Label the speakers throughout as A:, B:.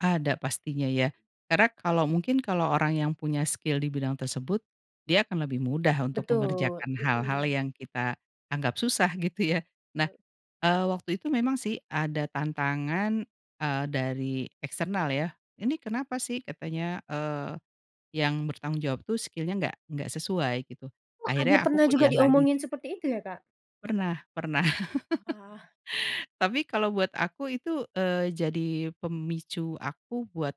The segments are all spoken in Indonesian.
A: Ada pastinya ya. Karena kalau mungkin kalau orang yang punya skill di bidang tersebut, dia akan lebih mudah untuk
B: Betul,
A: mengerjakan hal-hal
B: mhm.
A: yang kita anggap susah gitu ya. Nah,
B: Eee
A: eee, waktu itu memang sih, ada tantangan, eee, dari eksternal ya, "Ini kenapa sih?" katanya, eee, "yang bertanggung jawab tuh skill-nya enggak enggak sesuai," gitu.
B: Oh,
A: Akhirnya
B: ada
A: aku
B: pernah juga
A: kuliah lagi.
B: diomongin
A: [unintelligible]
B: seperti itu ya, Kak?
A: Pernah pernah.
B: Wah.
A: Tapi kalau buat aku itu, eee, jadi pemicu aku buat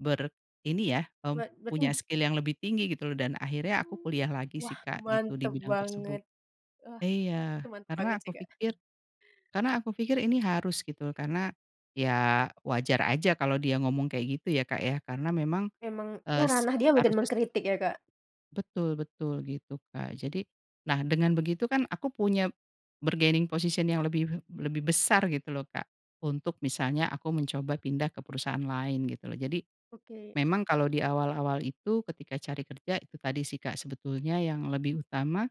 A: ber ini ya, eee,
B: Wah,
A: punya
B: berarti
A: skill yang lebih tinggi gitu loh, dan akhirnya aku
B: Mmm.
A: kuliah lagi
B: Wah,
A: sih, Kak, gitu, di
B: mantep
A: bidang tersebut.
B: banget, eee,
A: Iya,
B: itu mantap banget
A: karena
B: sih,
A: aku
B: Kak.
A: pikir karena aku pikir ini harus gitu. Karena, ya wajar aja kalau dia ngomong kayak gitu ya, Kak, ya? Karena memang,
B: Memang, ya
A: eee,
B: ranah dia mungkin
A: harusnya sih
B: mengkritik ya, Kak?
A: Betul-betul, gitu, Kak. Jadi nah, dengan begitu kan aku punya bargaining position yang lebih lebih besar gitu loh, Kak, untuk misalnya aku mencoba pindah ke perusahaan lain gitu loh. Jadi,
B: Oke.
A: memang kalau di awal-awal itu ketika cari kerja, itu tadi sih, Kak, sebetulnya yang lebih utama,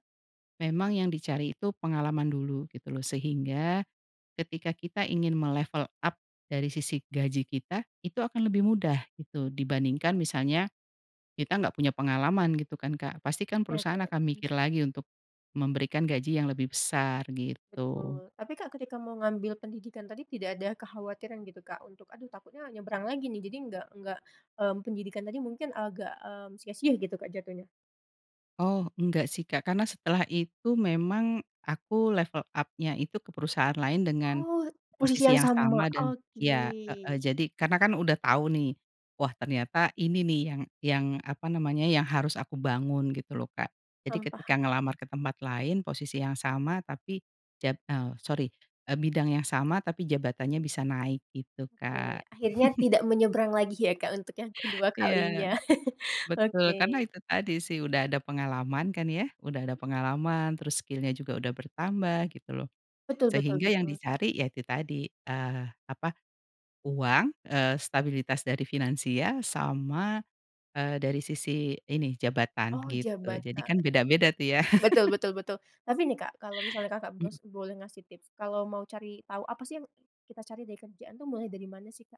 A: memang yang dicari itu pengalaman dulu gitu loh. Sehingga ketika kita ingin me-level up dari sisi gaji kita, itu akan lebih mudah gitu. Dibandingkan misalnya kita enggak punya pengalaman gitu kan, Kak, pastikan
B: Oke
A: perusahaan
B: oke,
A: akan
B: mhm.
A: mikir lagi untuk memberikan gaji yang lebih besar, gitu.
B: Betul. Tapi, Kak, ketika mau ngambil pendidikan tadi, tidak ada kekhawatiran gitu, Kak, untuk, "Aduh, takutnya nyebrang lagi nih, jadi enggak enggak mmm, pendidikan tadi mungkin agak, mmm, sia-sia," gitu, Kak, jatuhnya?
A: Oh, enggak sih, Kak, karena setelah itu memang aku level up-nya itu ke perusahaan lain dengan
B: Oh, posisi
A: posisi
B: yang
A: yang
B: sama?
A: sama dan
B: Oke.
A: iya, heeh, jadi, karena kan udah tau nih. Wah, ternyata ini nih yang yang apa namanya yang harus aku bangun gitu loh, Kak. Jadi
B: Mmm,
A: ketika
B: paham.
A: ngelamar ke tempat lain, posisi yang sama, tapi jat eee, sori, eee, bidang yang sama, tapi jabatannya bisa naik gitu,
B: Oke,
A: Kak.
B: akhirnya tidak menyeberang lagi ya, Kak, untuk yang kedua
A: Iya,
B: kalinya,
A: betul.
B: oke.
A: Karena itu tadi sih, udah ada pengalaman kan ya, udah ada
B: Mmm.
A: pengalaman, terus skill-nya juga sudah bertambah gitu loh.
B: Betul betul
A: Sehingga yang
B: betul.
A: dicari, ya itu tadi eee, apa, uang, eee, stabilitas dari finansial, sama, eee, dari sisi ini, jabatan
B: Oh
A: gitu. Jadi
B: jabatan.
A: kan beda-beda tuh ya.
B: Betul betul betul. Tapi nih, Kak, kalau misalnya, Kakak,
A: Mmm.
B: masih boleh ngasih tips, kalau mau cari tahu, apa sih yang kita cari dari kerjaan tuh, mulai dari mana sih, Kak?